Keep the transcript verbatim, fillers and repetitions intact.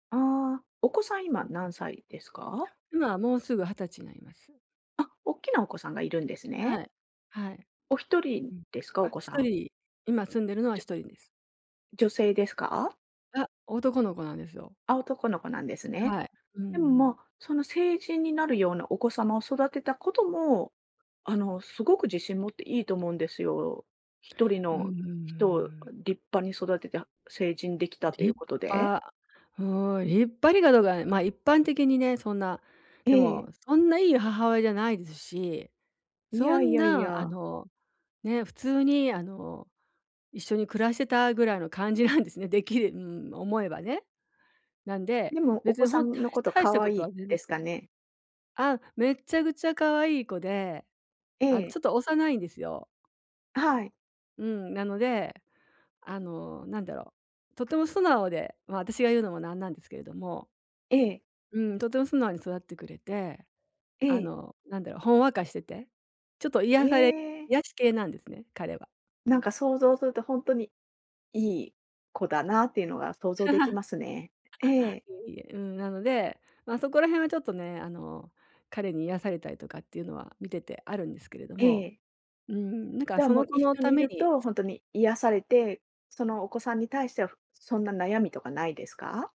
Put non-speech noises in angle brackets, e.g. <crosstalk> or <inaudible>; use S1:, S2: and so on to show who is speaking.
S1: ああ。お子さん今
S2: うんう
S1: 何
S2: ん。
S1: 歳ですか？
S2: 今はもうすぐはたちになります。
S1: あ、おっきなお子さんがいるんです
S2: は
S1: ね。
S2: い、はい。
S1: おひとり
S2: うん。
S1: ですか？お
S2: あ、
S1: 子
S2: ひ
S1: さ
S2: と
S1: ん。
S2: り、今住んでるのは
S1: じゅ
S2: ひとりです。
S1: 女性ですか？
S2: あ、男の子なんですよ。
S1: あ、男の子なんですね。
S2: はい。うん
S1: でも
S2: うん。
S1: ま、その成人になるようなお子様を育てたことも、あのすごく自信持っていいと思うんですよ。ひとり
S2: うんうん、う
S1: の
S2: ー
S1: 人を
S2: ん。
S1: 立派に育てた成人できたとい
S2: 立
S1: うことで。
S2: 派、うーん。立派にかどうか、ま、一般的にね、そんな、
S1: え
S2: でも
S1: え。
S2: そんないい母親じゃないですし、
S1: い
S2: そ
S1: やい
S2: ん
S1: やい
S2: なあ
S1: や。
S2: の、ね、普通にあの、一緒に暮らしてたぐらいの感じなんですね。できうん、思えばね。なんで、
S1: でもお
S2: 別
S1: 子
S2: に
S1: さ
S2: ほん、た
S1: んの
S2: いし
S1: こと
S2: 大した
S1: 可
S2: こ
S1: 愛
S2: と
S1: い
S2: は全然
S1: で
S2: し
S1: す
S2: て
S1: か
S2: ない
S1: ね？
S2: あ、めっちゃくちゃ可愛い子で、
S1: え
S2: あの
S1: え。
S2: ちょっと幼いんですよ。
S1: はい。
S2: うん、なので、あのなんだろう、とても素直で、ま、私が言うのもなんなんですけれども。
S1: ええ。
S2: うん、とても素直に育ってくれて、
S1: え
S2: あ
S1: え。
S2: のなんだろう、ほんわかしてて、ちょっと癒され
S1: ええ。
S2: 癒し系なんですね、彼は。
S1: なんか想像するとほんとに、いい子だなっていうのが想像でき
S2: <laughs>
S1: ますね。ええ。
S2: いえいえ。うん、なので、ま、そこら辺はちょっとね、あの彼に癒されたりとかっていうのは見ててあるんですけれど
S1: え
S2: も。
S1: え。
S2: うーん、なんか
S1: じゃあ
S2: そ
S1: も
S2: の
S1: う、
S2: 子
S1: 一
S2: の
S1: 緒に
S2: た
S1: い
S2: め
S1: る
S2: に
S1: と
S2: つ
S1: ほんとに癒されて、そのお子さんに対してはふ、そんな悩みとかないですか？